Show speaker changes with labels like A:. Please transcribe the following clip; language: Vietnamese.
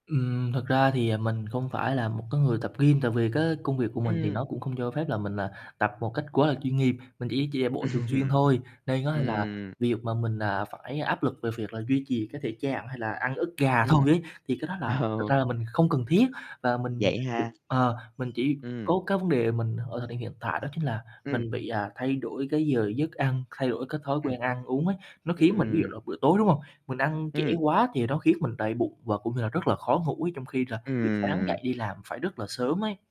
A: Ừm, thật ra thì, ờ, mình không phải là một cái người tập gym, tại vì cái công việc của mình thì
B: Ừm.
A: nó cũng không cho phép là mình là tập một cách quá là chuyên nghiệp. Mình chỉ chỉ chạy bộ thường xuyên
B: Ừm.
A: thôi. Nên á là
B: Ừm.
A: việc mà mình, à, phải áp lực về việc là duy trì cái thể trạng hay là ăn ức gà
B: Ừm.
A: thôi ấy, thì cái đó là thực
B: Ờ.
A: ra là mình không cần thiết. Và mình
B: Vậy
A: ch
B: ha.
A: ờ, mình chỉ
B: Ừm.
A: có cái vấn đề mình ở thời điểm hiện tại đó chính là
B: Ừm.
A: mình bị, à, thay đổi cái giờ giấc ăn, thay đổi cái thói
B: Ừm.
A: quen ăn uống ấy, nó khiến mình, ví dụ
B: Ừm.
A: là buổi tối, đúng hông, mình ăn trễ
B: Ừm.
A: quá thì nó khiến mình đầy bụng và cũng như là rất là khó ngủ ấy, trong khi là buổi sáng
B: Ừm.
A: dậy đi làm phải rất là sớm ấy.